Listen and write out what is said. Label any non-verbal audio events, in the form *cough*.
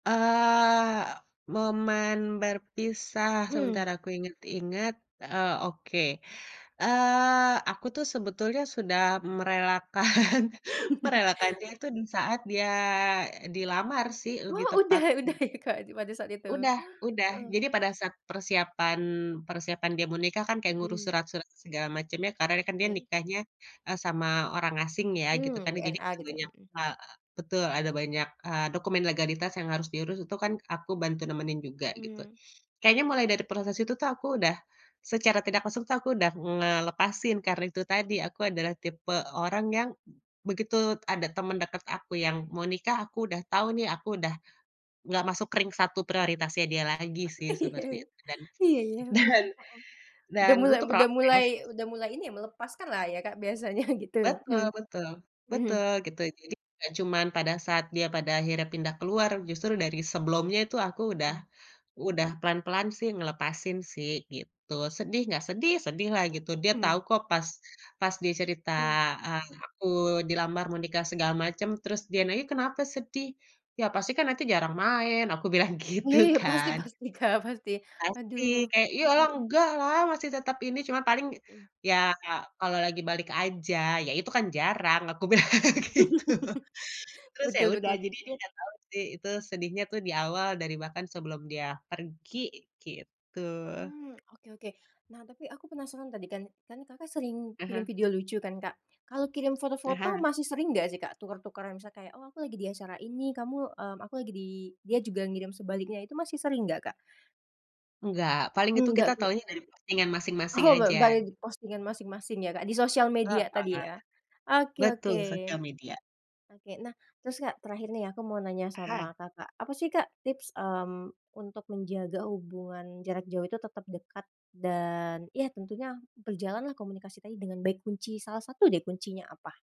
Eee, momen berpisah, Mmm. sebentar aku inget-inget, eee, oke. Eee, aku tuh sebetulnya sudah merelakan *chuckles* merelakanya itu di saat dia, eee, dilamar sih, lebih Wah, Udah tepat udah mhm. ya, Kak, di pada saat itu. Udah udah. Heeh. Jadi pada saat persiapan persiapan dia mau nikah kan, kayak ngurus Mhm. surat-surat segala macamnya, karena kan dia Oke. nikahnya, eee, sama orang asing ya, gitu Mmm, kan. Ya jadi, WNA eee, gitu, banyak mhm. ha betul, ada banyak, eee, dokumen legalitas yang harus diurus, itu kan aku bantu nemenin juga gitu. Mmm. Kayaknya mulai dari proses itu tuh, aku udah secara tidak langsung tuh, aku udah ngelepasin. Karena itu tadi, aku adalah tipe orang yang b begitu ada temen deket aku yang mau nikah, aku udah tahu nih, aku udah nggak masuk ring satu prioritasnya dia lagi sih, Iya, seperti itu. Dan Iya ya, wow, heeh, udah dan mulai butuh udah mulai proses. udah mulai ini ya, melepaskan lah ya, Kak, biasanya gitu. Betul *clears throat* betul, Mhm. betul, gitu. Jadi, nggak cuman pada saat dia pada akhirnya pindah keluar, justru dari sebelumnya itu aku udah Mmm. udah pelan-pelan sih, ngelepasin sih, gitu. Sedih nggak? Sedih sedih lah gitu, dia tahu Mmm. kok, pas pas dia cerita, Mhm. eee, aku dilamar menikah segala macem, terus dia nanya, "Kenapa sedih?" "Ya pasti kan nanti jarang main!" Aku bilang gitu Iya iya, pasti kan. pasti Kak, pasti, Pasti, aduh. kayak, "Ya elah, enggak lah, masih tetep ini, cuma paling, Hmm. ya kalau lagi balik aja," "Iya itu kan jarang!" Aku bilang gitu. *laughs* Terus ya Betul udah, betul. jadi dia nggak tahu sih, itu sedihnya tuh di awal, dari bahkan sebelum dia pergi, gitu. Mmm, oke oke. Nah, tapi aku penasaran, tadi kan kan Kakak sering kirim Aha. video lucu kan, Kak, kalau kirim foto-foto Aha. masih sering nggak sih, Kak, tuker-tukeran? Misalnya kayak, oh aku lagi di acara ini, kamu, mmm, aku lagi di dia juga ngirim sebaliknya, itu masih sering nggak, Kak? Nggak, paling itu Nggak, kita Kak? taunya dari postingan masing-masing Oh, bar aja. baru di postingan masing-masing ya, Kak, di sosial media tadi Heeh, ya, oke betul oke. sosial media. Oke, nah terus, Kak, terakhir nih ya, aku mau nanya sama Aha. Kakak, apa sih, Kak, tips, mmm, untuk menjaga hubungan jarak jauh itu tetap dekat dan, ya tentunya berjalan lah, komunikasi tadi dengan baik, kunci salah satu deh, kuncinya apa?